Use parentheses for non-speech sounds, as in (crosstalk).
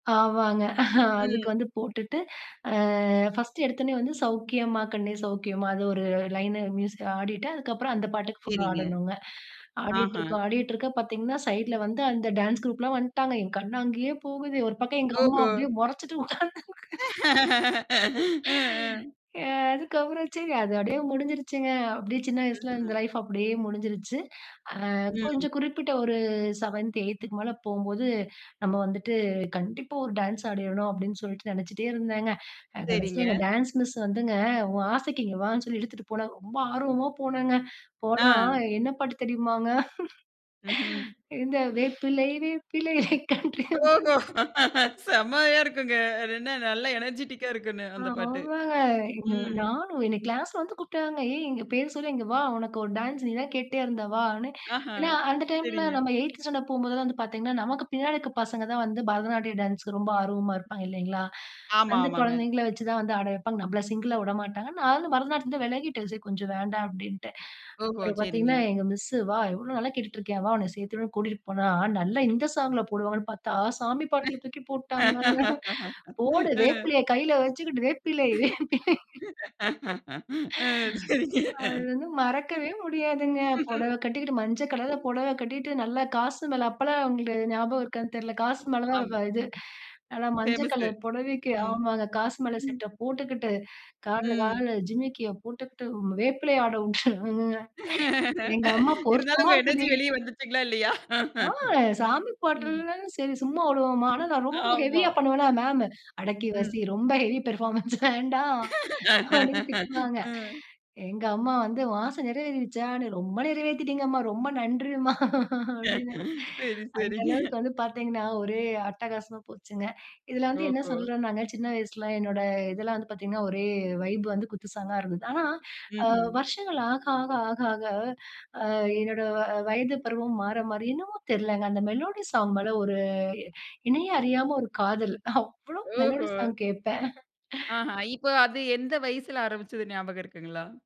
ஆவாங்க. (chuckles) அதுக்கு ம். வந்து போட்டுட்டு, அ ஃபர்ஸ்ட்டு எடுத்தோனே வந்து "சௌக்கியமா, கண்ணே சௌக்கியமா" அது ஒரு லைன்னு, மியூசிக் ஆடிட்டு, அதுக்கப்புறம் அந்த பாட்டுக்கு ஃபுல்லா சரிங்க. ஆடணுங்க. அஹ. ஆடிட்ருக்க, ஆடிட்ருக்க பார்த்தீங்கன்னா, சைட்ல வந்து அந்த டான்ஸ் குரூப்லாம் வந்துட்டாங்க, என் கண்ணு அங்கயே போகுது, ஒரு பக்கம் எங்க அம்மா ஓஹோ. அப்படியே முறைச்சிட்டு உட்காந்து ம், ம். (sighs) ஏ அதுக்கப்புறம் சரி, அது அப்படியே முடிஞ்சிருச்சுங்க. அப்படி சின்ன வயசில இந்த ம்ஹ்ம். லைஃப் அப்படியே முடிஞ்சிருச்சு. அ, ம். கொஞ்சம் குறிப்பிட்ட ஒரு 7த், 8த்துக்கு மேல போம்போது, நம்ம வந்துட்டு, கண்டிப்பா ஒரு டான்ஸ் ஆடிறணும் அப்படின்னு சொல்லிட்டு நினைச்சிட்டே இருந்தேங்க. அ சரிங்க. கடைசியில எங்க டான்ஸ் மிஸ் வந்துங்க, உன் ஆசைக்கு இங்க வான்னு சொல்லி இழுத்துட்டு போனாங்க. ரொம்ப ஆர்வமா போனேங்க, போனா அ. என்ன பாட்டு தெரியுமாங்க? ம்ஹ்ம். (chuckles) இந்த வேப்பிலை, வேப்பிலை, கன்றி அம்மன் ஓஹோ! செமையா இருக்குங்க. அது என்ன நல்ல அ, எனர்ஜெடிக்கா இருக்கும்ன்னு. அந்த பாட்டு. ஆமாங்க. எ ம். நானும் என்ன கிளாஸ்ல வந்து கூப்பிட்டாங்க. ஏய் இங்க பேர் சொல்லி இங்க வா. உனக்கு ஒரு டான்ஸ்! நீ தான் கேட்டுட்டே இருந்த வான்னு. அஹ. ஏன்னா, அந்த டைம்ல சரிங்க. நம்ம 8த்து ஸ்டாண்டர்ட் போம்போதெல்லாம் வந்து பார்த்தீங்கன்னா, நமக்கு பின்னாடி இருக்கிற பசங்க தான் வந்து பரதநாட்டியம் டான்ஸுக்கு ரொம்ப ஆர்வமா இருப்பாங்க இல்லைங்களா? ஆமா, அந்த ஆமாங்க. குழந்தைங்கள வச்சுதான் வந்து ஆட வைப்பாங்க. நம்மள சிங்கிளா வுட மாட்டாங்க. நானும் பரதநாட்டியத்தில இருந்தே விலகிட்டேன். சரி கொஞ்சம் வேண்டாம் அப்படின்ட்டு. ஓஹோ! அப்புறம் பார்த்தீங்கனா, சரிங்க. எங்க மிஸ் "வா, எவ்வளவு நாளா கேட்டுட்டு இருக்கேன், வா உன்ன சேர்த்துவிடுறேன்னு" கூட்டிட்டு போனா, நல்லா இந்த சாங்ல போடுவாங்கனு பார்த்தா, சாமி பாட்டுல தூக்கி போட்டுட்டாங்க. (chuckles) போடு! ம். வேப்பிலைய கையில வச்சிக்கிட்டு வேப்பிலை, (chuckles) வேப்பிலை. (laughs) ம். (sighs) சரிங்க. அது வந்து மறக்கவே முடியாதுங்க! புடவ (chuckles) ம். கட்டிக்கிட்டு மஞ்ச கலர்ல புடவ கட்டிகிட்டு, நல்லா காசு மேல அப்போலாம் உங்களுக்கு ஞாபகம் இருக்கான்னு தெரியல, காசு மால ஆம். தான் இது. நல்லா மஞ்ச ஃபேமஸ்சு. கலர் புடவைக்கு ஆமாங்க. காசு மால ம். செட்ட போட்டுக்கிட்டு, காலுனு ம். காலுனு ஜிம்மிக்கிய போட்டுக்கிட்டு, ம் வேப்பிலை ஆட உட்டாங்கங்க. எங்க அம்மா இருந்தாலும் பொருத்தமா உங்க எனர்ஜி இருக்குடி! வெளிய வந்துச்சுங்களா இல்லையா? ஆ! சாமி ம். பாட்டனாலும் சரி சும்மா விடுவோமா, ஆனா நான் ரொம்ப ஆமா. ஹெவியா பண்ணுவேனா, மேம், அடக்கி வாசி, ம். ரொம்ப ஹெவி பெர்ஃபார்மன்ஸ் வேண்டாம். அப்படின்னு (laughs) திட்டுவாங்க. ம். எங்க அம்மா வந்து உன் ஆச நிறைவேறிரிச்சான்னு? ரொம்ப நிறைவேத்திட்டீங்க அம்மா ரொம்ப நன்றிம்மா (chuckles) அப்படின்னு சரி, அந்த சரிங்க. அளவுக்கு வந்து பார்த்தீங்கன்னா, ஒரே அட்டகாசமா போச்சுங்க. இதுல வந்து என்ன ஓஹோ. சொல்றோனாங்க, சின்ன வயசுல, என்னோட இதெல்லாம் வந்து பார்த்தீங்கன்னா, ஒரே வைப் வந்து குத்து சாங்கா இருந்தது. ஆனா, அ ம்ஹ்ம். வருஷங்கள் ஆக, ஆக, ஆக, ஆக, அ, என்னோட வ வயது பருவம் மாற மாற என்னமோ தெரிலங்க. அந்த மெலோடி சாங் மேல ஒரு என்னையே அறியாம ஒரு காதல். அவ்வளோ மெலோடி ஓஹோ! சாங் கேட்பேன். அஹ. (chuckles) இப்போ அது எந்த வயசுல ஆரம்பிச்சது ஞாபகம் இருக்குங்களா?